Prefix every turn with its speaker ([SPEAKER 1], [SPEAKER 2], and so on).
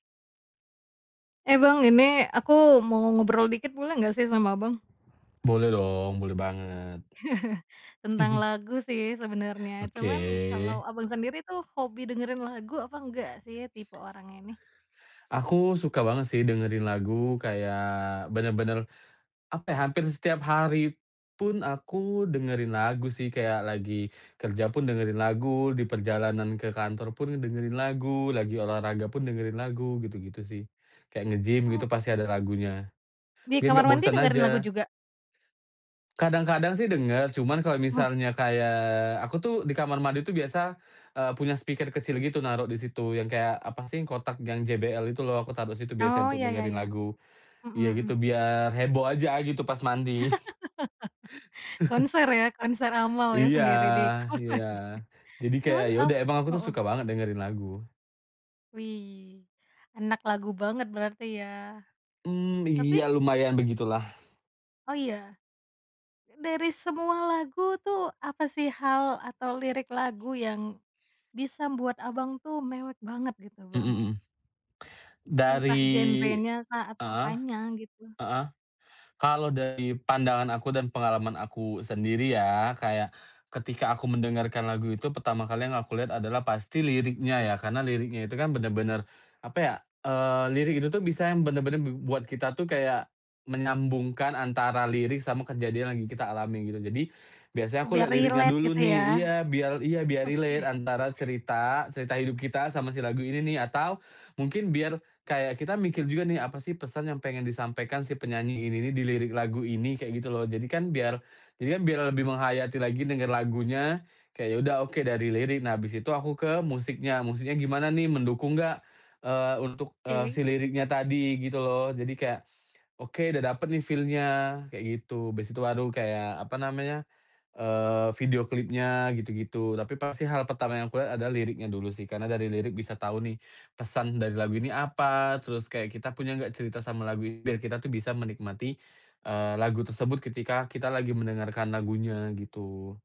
[SPEAKER 1] Eh, Bang, ini aku mau ngobrol dikit boleh nggak sih sama Abang?
[SPEAKER 2] Boleh dong, boleh banget.
[SPEAKER 1] Tentang lagu sih sebenarnya,
[SPEAKER 2] Oke.
[SPEAKER 1] cuman kalau Abang sendiri tuh hobi dengerin lagu apa enggak sih tipe orangnya ini?
[SPEAKER 2] Aku suka banget sih dengerin lagu kayak bener-bener, apa ya, hampir setiap hari pun aku dengerin lagu sih kayak lagi kerja pun dengerin lagu, di perjalanan ke kantor pun dengerin lagu, lagi olahraga pun dengerin lagu gitu-gitu sih, kayak nge-gym gitu pasti
[SPEAKER 1] Oke.
[SPEAKER 2] ada lagunya,
[SPEAKER 1] Di
[SPEAKER 2] biar gak
[SPEAKER 1] kamar mandi
[SPEAKER 2] bosen
[SPEAKER 1] dengerin lagu
[SPEAKER 2] aja.
[SPEAKER 1] juga?
[SPEAKER 2] Kadang-kadang sih denger, cuman kalau
[SPEAKER 1] Wah.
[SPEAKER 2] misalnya kayak, aku tuh di kamar mandi tuh biasa, eee, punya speaker kecil gitu naruh di situ yang kayak apa sih, kotak yang JBL itu loh, aku taruh situ biasanya
[SPEAKER 1] Oh,
[SPEAKER 2] untuk
[SPEAKER 1] ya ya
[SPEAKER 2] dengerin
[SPEAKER 1] ya,
[SPEAKER 2] lagu.
[SPEAKER 1] mhm
[SPEAKER 2] Iya gitu,
[SPEAKER 1] mhm.
[SPEAKER 2] biar heboh aja gitu pas mandi.
[SPEAKER 1] Konser ya, konser amal ya
[SPEAKER 2] Iya,
[SPEAKER 1] sendiri di kamar mandi
[SPEAKER 2] iya. Jadi kayak
[SPEAKER 1] cuman,
[SPEAKER 2] ya
[SPEAKER 1] eee
[SPEAKER 2] udah, emang aku tuh
[SPEAKER 1] heeh.
[SPEAKER 2] suka banget dengerin lagu.
[SPEAKER 1] Wih, anak lagu banget berarti ya,
[SPEAKER 2] Mmm,
[SPEAKER 1] tapi
[SPEAKER 2] iya lumayan begitulah.
[SPEAKER 1] Oh, iya? Dari semua lagu tuh apa sih hal atau lirik lagu yang bisa membuat Abang tuh mewek banget gitu,
[SPEAKER 2] Mmm
[SPEAKER 1] Bang?
[SPEAKER 2] mmm.
[SPEAKER 1] Entah
[SPEAKER 2] Dari
[SPEAKER 1] genrenyakah atau
[SPEAKER 2] heeh,
[SPEAKER 1] apanya gitu?
[SPEAKER 2] heeh. Kalau dari pandangan aku dan pengalaman aku sendiri ya kayak, ketika aku mendengarkan lagu itu pertama kali yang aku lihat adalah pasti liriknya ya. Karena liriknya itu kan bener-bener apa ya, eee, lirik itu tuh bisa yang bener-bener b buat kita tuh kayak menyambungkan antara lirik sama kejadian lagi kita alami gitu. Jadi biasanya
[SPEAKER 1] Oh,
[SPEAKER 2] aku
[SPEAKER 1] biar
[SPEAKER 2] lihat liriknya
[SPEAKER 1] relate
[SPEAKER 2] dulu
[SPEAKER 1] gitu
[SPEAKER 2] nih,
[SPEAKER 1] ya?
[SPEAKER 2] iya biar iya biar relate
[SPEAKER 1] Oke.
[SPEAKER 2] antara cerita, cerita hidup kita sama si lagu ini nih, atau mungkin biar kayak kita mikir juga nih, "Apa sih pesan yang pengen disampaikan si penyanyi ini nih di lirik lagu ini?" kayak gitu loh. Jadi kan biar jadi kan biar lebih menghayati lagi denger lagunya, kayak ya udah oke dari lirik. Nah abis itu aku ke musiknya, musiknya gimana nih mendukung gak, eee, untuk, eee,
[SPEAKER 1] Oke.
[SPEAKER 2] si liriknya tadi gitu loh. Jadi kayak, "Oke udah dapet nih feel-nya," kayak gitu. Habis itu baru kayak apa namanya, eee, video klipnya gitu-gitu, tapi pasti hal pertama yang aku lihat adalah liriknya dulu sih, karena dari lirik bisa tahu nih pesan dari lagu ini apa, terus kayak kita punya enggak cerita sama lagu ini, biar kita tuh bisa menikmati, eee, lagu tersebut ketika kita lagi mendengarkan lagunya gitu.